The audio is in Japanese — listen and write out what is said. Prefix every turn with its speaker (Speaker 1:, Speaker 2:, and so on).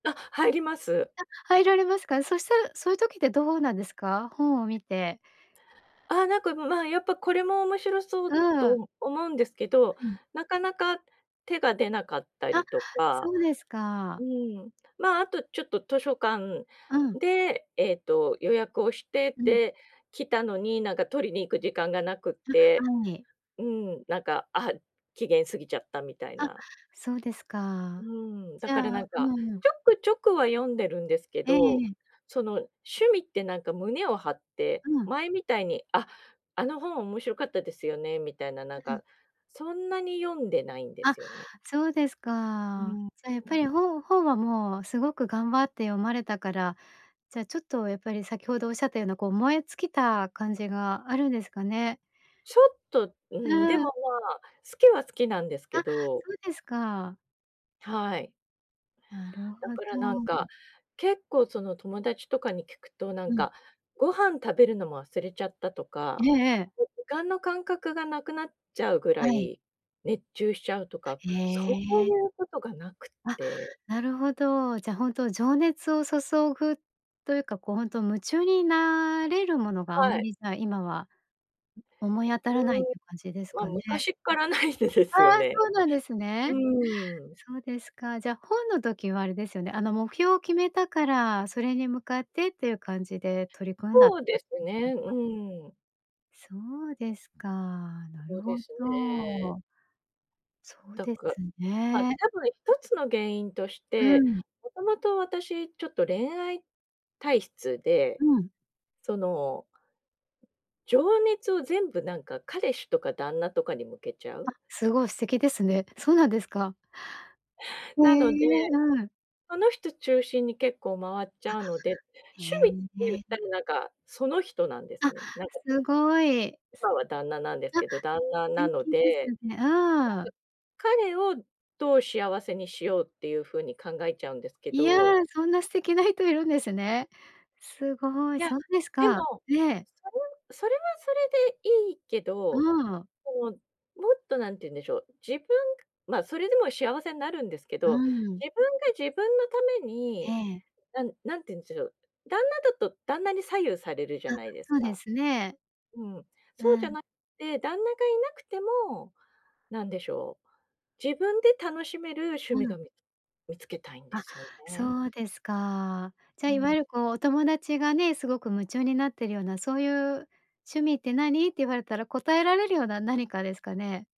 Speaker 1: あ、入ります。
Speaker 2: あ、入られますか？そしたら、そういう時ってどうなんですか？本を見て。
Speaker 1: ああ、なんか、むま、やっぱ、これも面白そ
Speaker 2: う
Speaker 1: う
Speaker 2: ーん。
Speaker 1: ど思うんですけど、
Speaker 2: はい。
Speaker 1: なかなか手が出なかったり
Speaker 2: あ、
Speaker 1: とか。
Speaker 2: そうです
Speaker 1: う
Speaker 2: か。
Speaker 1: ーん、ま、あと、ちょっと図書館
Speaker 2: うん。
Speaker 1: で、ええと、予約をして
Speaker 2: うん。
Speaker 1: て、来たのになんか取りに行く時間がなくっ
Speaker 2: あ、
Speaker 1: て
Speaker 2: はい。
Speaker 1: うん、なんか、あ、期限過ぎちゃったみたい
Speaker 2: あ、
Speaker 1: な。
Speaker 2: そうです
Speaker 1: う
Speaker 2: か。
Speaker 1: ーん、
Speaker 2: じ
Speaker 1: だか
Speaker 2: ゃあ
Speaker 1: らなんか、
Speaker 2: うーん。
Speaker 1: ちょくちょくは読んでるんですけ
Speaker 2: ええ
Speaker 1: ど、
Speaker 2: ええ。
Speaker 1: その、趣味ってなんか胸を張って、
Speaker 2: うん。
Speaker 1: 前みたいに「あ、あの本面白かったですよね」みたいな、な
Speaker 2: う
Speaker 1: ん
Speaker 2: うん。
Speaker 1: か、そんなに読んでないんで
Speaker 2: あ、
Speaker 1: すよね。
Speaker 2: そうです
Speaker 1: う
Speaker 2: か。
Speaker 1: ん、
Speaker 2: じゃあ、やっ
Speaker 1: う
Speaker 2: ぱ
Speaker 1: ん。
Speaker 2: り本本はもうすごく頑張って読まれたから、じゃ、ちょっと、やっぱり先程おっしゃったような、こう、燃え尽きた感じがあるんですかね？
Speaker 1: ちょっと、う
Speaker 2: う
Speaker 1: ん、でも、
Speaker 2: ー
Speaker 1: ま
Speaker 2: ん。
Speaker 1: あ、好きは好きなんです
Speaker 2: あ、
Speaker 1: けど。
Speaker 2: そうですか。
Speaker 1: はい。
Speaker 2: なる
Speaker 1: だ
Speaker 2: ほ
Speaker 1: から、なんか、
Speaker 2: ど。
Speaker 1: 結構、その、友達とかに聞くと、なん
Speaker 2: うん。
Speaker 1: か、ご飯食べるのも忘れちゃったと
Speaker 2: え
Speaker 1: か。
Speaker 2: えええ。
Speaker 1: 間の感覚がなくなっちゃうぐら
Speaker 2: はい。
Speaker 1: い、熱中しちゃうとか、
Speaker 2: へ
Speaker 1: そうい
Speaker 2: え。
Speaker 1: うことがなくっ
Speaker 2: あ、
Speaker 1: て。
Speaker 2: なるほど、じゃ、ほんと、情熱を注ぐというか、こう、ほんと、夢中になれるものがあ
Speaker 1: は
Speaker 2: ま
Speaker 1: い。
Speaker 2: り、じゃ、今は思い当たらないっていう
Speaker 1: う
Speaker 2: 感じです
Speaker 1: ーん。
Speaker 2: か
Speaker 1: ま、
Speaker 2: ね。
Speaker 1: 昔からないでで
Speaker 2: あ
Speaker 1: すよ
Speaker 2: あ、
Speaker 1: ね。
Speaker 2: そうなんです
Speaker 1: う
Speaker 2: ね。
Speaker 1: ーん。
Speaker 2: そうですか。じゃあ、本の時はあれですよね。あの、目標を決めたから、それに向かってっていう感じで、取り組んだって。
Speaker 1: ほうですね、う ーん。
Speaker 2: そうですか。なる
Speaker 1: ほうで
Speaker 2: ほ
Speaker 1: すね。
Speaker 2: ど。そう
Speaker 1: と
Speaker 2: で
Speaker 1: く、
Speaker 2: す
Speaker 1: ま、
Speaker 2: ね。
Speaker 1: 多分一つの原因とし
Speaker 2: う
Speaker 1: て、
Speaker 2: ん。
Speaker 1: もともと私ちょっと恋愛体質
Speaker 2: う
Speaker 1: で、
Speaker 2: ん。
Speaker 1: その情熱を全部、なんか、彼氏とか旦那とかに向けちゃう？
Speaker 2: あ、すごい素敵ですね。そうなんですか。へ
Speaker 1: なので、
Speaker 2: え、うん。
Speaker 1: その人中心に結構回っちゃうので、
Speaker 2: あ、
Speaker 1: 趣
Speaker 2: へ
Speaker 1: 味って言った
Speaker 2: え。
Speaker 1: ら、なんか、その人なんです
Speaker 2: あ、
Speaker 1: ね、なんか
Speaker 2: すごい。
Speaker 1: 今は旦那なんです
Speaker 2: あ、
Speaker 1: けど、旦那
Speaker 2: て
Speaker 1: なの
Speaker 2: きです
Speaker 1: で。
Speaker 2: ね。
Speaker 1: だ
Speaker 2: ああ。
Speaker 1: ず。彼をどう幸せにしようっていう風に考えちゃうんですけ
Speaker 2: いや、
Speaker 1: ど。
Speaker 2: そんな素敵な人いるんですね。すごい、
Speaker 1: いや、
Speaker 2: そうです
Speaker 1: でも、
Speaker 2: か。ええ。
Speaker 1: それはそれはそれでいいけ
Speaker 2: う
Speaker 1: ど、
Speaker 2: ーん。
Speaker 1: もう、もっと何て言うんでしょう、自分、ま、それでも幸せになるんですけ
Speaker 2: う
Speaker 1: ど、
Speaker 2: ーん。
Speaker 1: 自分が自分のため
Speaker 2: え
Speaker 1: に、
Speaker 2: え。
Speaker 1: なんなんていうんしょしょう、旦那だと旦那に左右されるじゃ
Speaker 2: あ、
Speaker 1: ないです
Speaker 2: そうで
Speaker 1: か？
Speaker 2: すね。
Speaker 1: うん。
Speaker 2: う
Speaker 1: そうじゃ
Speaker 2: ん。
Speaker 1: なて、旦那がいなくても、なんでしょう、自分で楽しめる趣
Speaker 2: う
Speaker 1: 味
Speaker 2: ん。
Speaker 1: が、み見つけたいんで
Speaker 2: あ、
Speaker 1: すよね。
Speaker 2: そうですか。じゃ、
Speaker 1: う
Speaker 2: いわ
Speaker 1: ん。
Speaker 2: ゆる、こう、お友達がね、すごく夢中になっているような、そういう趣味って何って言われたら、答えられるような何かですかね？